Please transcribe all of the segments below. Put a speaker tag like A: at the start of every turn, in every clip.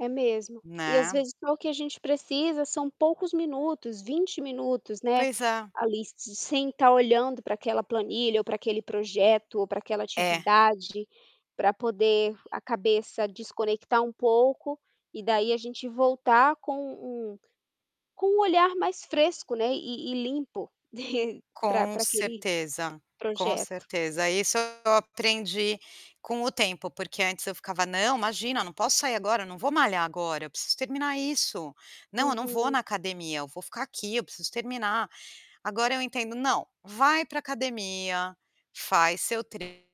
A: É mesmo, e às
B: Né.
A: vezes só o que a gente precisa são poucos minutos, 20 minutos né,
B: Pois é.
A: ali se sem estar olhando para aquela planilha ou para aquele projeto ou para aquela
B: É.
A: atividade, para poder a cabeça desconectar um pouco, e daí a gente voltar com um com um olhar mais fresco, né, e e limpo para
B: Com
A: para aquele
B: certeza, com
A: projeto.
B: certeza. Isso eu aprendi com o tempo porque antes eu ficava: "Não, imagina, não posso sair agora, eu não vou malhar agora, eu preciso terminar isso. Não, eu não vou
A: Uhum.
B: na academia, eu vou ficar aqui, eu preciso terminar". Agora eu entendo, "Não, vai para academia, faz seu treino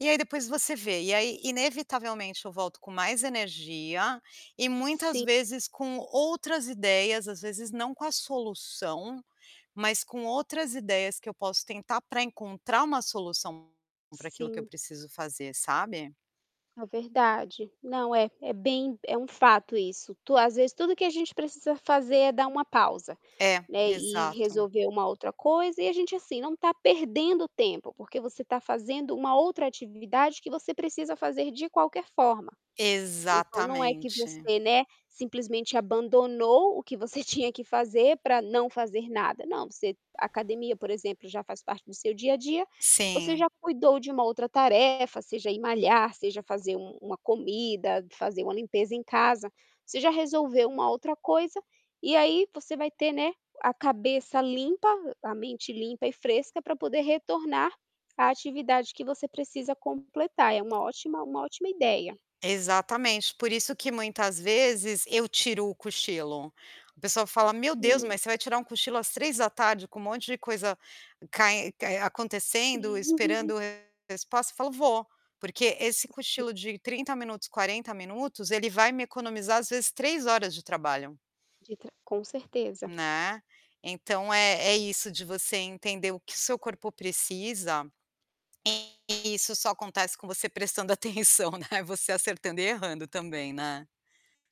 B: e aí depois você vê." e aí inevitavelmente eu volto com mais energia, e muitas
A: Sim.
B: vezes com outras ideias às vezes não com a solução, mas com outras ideias que eu posso tentar para encontrar uma solução para aquilo que eu
A: Sim.
B: preciso fazer, sabe.
A: É verdade, não é é bem é um fato isso, tu às vezes tudo que a gente precisa fazer é dar uma pausa,
B: É,
A: né, e e
B: exato.
A: resolver uma outra coisa e a gente assim não está perdendo tempo porque você está fazendo uma outra atividade que você precisa fazer de qualquer forma. Então não é que
B: Exatamente.
A: você, né, simplesmente abandonou o que você tinha que fazer para não fazer nada, não você a academia por exemplo já faz parte do seu dia a dia, você já
B: Sim.
A: cuidou de uma outra tarefa seja ir malhar, seja fazer um uma comida, fazer uma limpeza em casa, você já resolveu uma outra coisa e aí você vai ter, né, a cabeça limpa, a mente limpa e fresca para poder retornar a atividade que você precisa completar. É uma ótima uma ótima ideia.
B: Exatamente, por isso que muitas vezes eu tiro o cochilo. O pessoal fala: "Meu Deus, mas
A: Sim.
B: você vai tirar um cochilo às 15:00 com um monte de coisa cae acontecendo, esperando resposta?" Eu falo: "Vou!" porque esse
A: [unintelligible]
B: cochilo de 30, minutos 40, minutos ele vai me economizar às vezes 3 horas de trabalho.
A: De tra com certeza.
B: Né, então é é isso de você entender o que seu corpo precisa, e isso só acontece com você prestando atenção, né, você acertando e errando também né.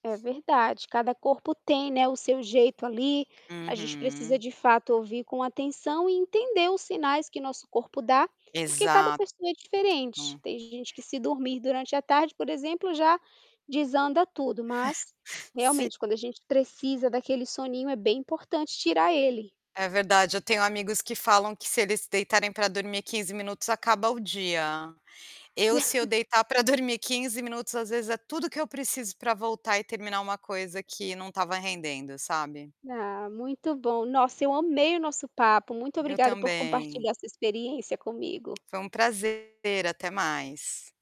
A: É verdade cada corpo tem, né, o seu jeito ali, a gente precisa
B: Uhum.
A: de fato ouvir com atenção e entender os sinais que nosso corpo dá, porque cada
B: Exato.
A: pessoa é diferente, tem gente que se dormir durante a tarde por exemplo já, desanda tudo, mas
B: Sim.
A: realmente quando a gente precisa daquele soninho é bem importante tirar ele.
B: É verdade, eu tenho amigos que falam que se eles deitarem para dormir 15 minutos acaba o dia. Eu se eu deitar para dormir 15 minutos às vezes é tudo que eu preciso para voltar e terminar coisa que não estava rendendo, sabe.
A: Ah, muito bom, nossa eu amei o nosso papo, muito
B: Eu
A: obrigada por
B: também.
A: compartilhar sua experiência comigo.
B: Foi um prazer, até mais.